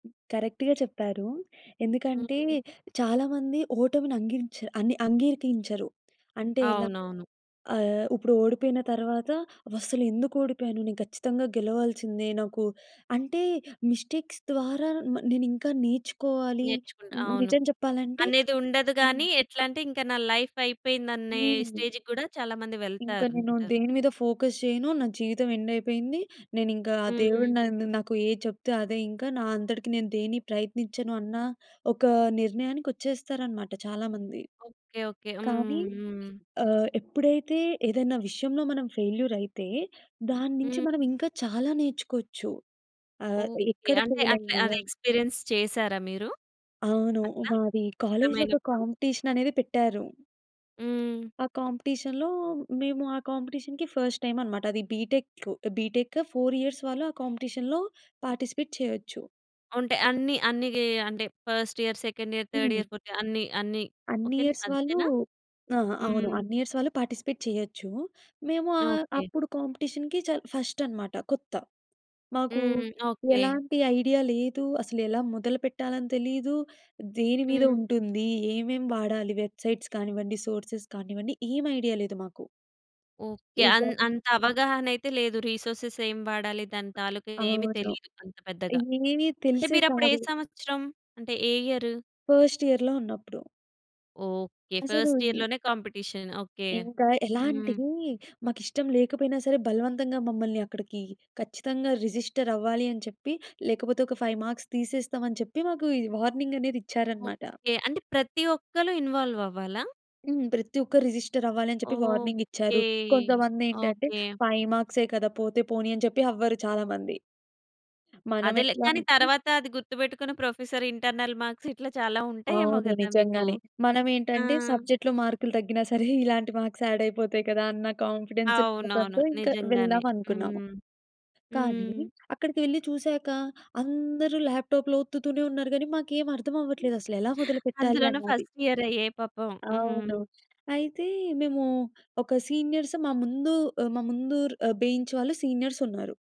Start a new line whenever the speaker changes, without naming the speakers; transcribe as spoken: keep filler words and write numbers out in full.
కరెక్ట్‌గా చెప్పారు. ఎందుకంటే
హ్మ్.
చాలా మంది ఓటమిని అంగించా అన్ని అంగీకరించరు. అంటే ఎలా?
అవునవును.
ఆహ్, ఇప్పుడు ఓడిపోయిన తర్వాత అవస్సలు ఎందుకు ఓడిపోయాను. నేను ఖచ్చితంగా గెలవాల్సిందే. నాకు అంటే మిస్టేక్స్ ద్వారా మ నేనింకా నేర్చుకోవాలి.
నేర్చుకుంటా.
ని
అవును.
నిజం చెప్పాలంటే
అనేది ఉండదు
హ్మ్.
గాని ఎట్లంటే ఇంకా నా లైఫ్ అయిపోయిందనే
హ్మ్.
స్టేజ్‌కి గూడా చాలా మంది
ఇంకా
వెళ్తారు
నేను
అంటారు.
దేని మీద ఫోకస్ చేయను. నా జీవితం ఎండయిపోయింది. నేనింకా ఆ దేవుడు
హ్మ్.
నన్ను నాకు ఏది చెప్తే అదే ఇంకా నా అంతటికి నేను దేన్ని ప్రయత్నించను అన్న ఒకా నిర్ణయానికొచ్చేస్తారనమాట చాలామంది.
Okay, okay.
కానీ
హ్మ్, హ్మ్.
ఆహ్, ఎప్పుడైతే ఏదైనా విషయంలో మనం ఫెయిల్యూర్ అయితే దాన్నుంచి
హ్మ్.
మనం ఇంకా చాలా నేర్చుకోవచ్చు. ఆహ్,
ఓకే.
ఎక్కడ
అంటే అట్లా అది
ఫెయిలయ్యాము?
ఎక్స్‌పీరియన్స్ చేసారా మీరు?
అవును.
అట్లా
మాది కాలేజ్‌లో ఒక
అర్థమైనపుడు
కాంపిటీషన్ అనేది పెట్టారు.
హ్మ్.
ఆ! కాంపిటీషన్‌లో మేము ఆ కాంపిటీషన్‌కి ఫస్ట్ టైమ్ అన్నమాట. అది B tech B tech four years వాళ్ళు ఆ కాంపిటీషన్‌లో పార్టిసిపేట్ చేయొచ్చు.
ఉంటాయి. అన్ని అన్నీగీ అంటే first year, second year, third
హ్మ్.
ఇయర్, ఫోర్త్ ఇయర్ అన్ని అన్ని
అన్ని
ఓకేని
ఇయర్స్ వాళ్ళు
అంతేనా?
ఆహా! అవును.
హ్మ్.
అన్ని ఇయర్స్ వాళ్ళు పార్టిసిపేట్ చేయొచ్చు. మేము ఆహ్,
ఓకే.
అప్పుడు కాంపిటీషన్‌కి చాల్ ఫస్టన్నమాట కొత్త. మాకు
హ్మ్. ఓకే.
ఎలాంటి ఐడియా లేదు. అసలెలా మొదలు పెట్టాలని తెలీదు. దేని మీద
హ్మ్.
ఉంటుంది? ఏమేం వాడాలి? వెబ్‌సైట్స్ కానివ్వండి, సోర్సెస్ కానివ్వండి ఏమి ఐడియా లేదు మాకు.
ఓకే.
ఈ
అన్
గాజులు
అంత అవగాహన అయితే లేదు. రిసోర్సేస్ ఏం వాడాలి? దాని తాలూకా ఏమి
అవును.
తెలీదు అంత పెద్దగా.
ఏమి
అంటే
తెలిసేది
మీరప్పుడు ఏ
కాదు.
సంవత్సరం. అంటే ఏ ఇయరు?
ఫస్ట్ ఇయర్‌లో ఉన్నప్పుడు.
ఓకే.
అసలు
ఫస్ట్
ఈ
ఇయర్‌లోనే కాంపిటీషన్ ఓకే.
ఇంకా
హ్మ్.
ఎలాంటివి మాకిష్టం లేకపోయినా సరే బలవంతంగా మమ్మల్ని అక్కడికి ఖచ్చితంగా రిజిస్టర్ అవ్వాలి అని చెప్పి లేకపోతే ఒక ఫైవ్ మార్క్స్ తీసేస్తాం అని చెప్పి మాకు ఈ వార్నింగనేదిచ్చారన్నమాట.
ఓకే. అంటే ప్రతి ఒక్కళ్ళు ఇన్వాల్వ్ అవ్వాలా?
హ్మ్. ప్రతి ఒక్కరు రిజిస్టర్ అవ్వాలని చెప్పి
ఓకే.
వార్నింగిచ్చారు. కొంతమందేంటంటే
ఓకే.
ఫైవ్ మార్క్సే కదా! పోతే పోనీ అని చెప్పి అవ్వరు చాలా మంది. మనం
అదేలే!
ఎట్లా
కానీ
అంటే
తరువాత అది గుర్తుబెట్టుకుని ప్రొఫెసర్ ఇంటర్నల్ మార్క్స్ ఇట్లా చాలా ఉంటాయేమో
అవును.
గదా మీకు.
నిజంగానే.
ఆ!
మనంమేంటంటే సబ్జెక్ట్‌లో మార్కులు తగ్గినా సరే ఇలాంటి మార్క్స్ ఆడయిపోతాయి కదా! అన్న కాన్ఫిడెన్స్
అవునవును.
ఉండటంతో ఇంక
నిజంగానే.
వెళ్దాం అనుకున్నాము.
హ్మ్.
కానీ
హ్మ్.
అక్కడికెళ్లి చూసాక అందరూ ల్యాప్‌ట్యాప్‌లో ఒత్తుతూనే ఉన్నారు గానీ మాకేమి అర్థం అవ్వట్లేదు అసలెలా మొదలుపెట్టాలి
అందులోనే
అన్నాది.
ఫస్ట్ ఇయర్ అయ్యే! పాపం.
అవును.
హ్మ్.
అయితే మేము ఒక సీనియర్స్ మా ముందు ఆహ్, మా ముందు బెంచ్ వాళ్ళు సీనియర్సున్నారు.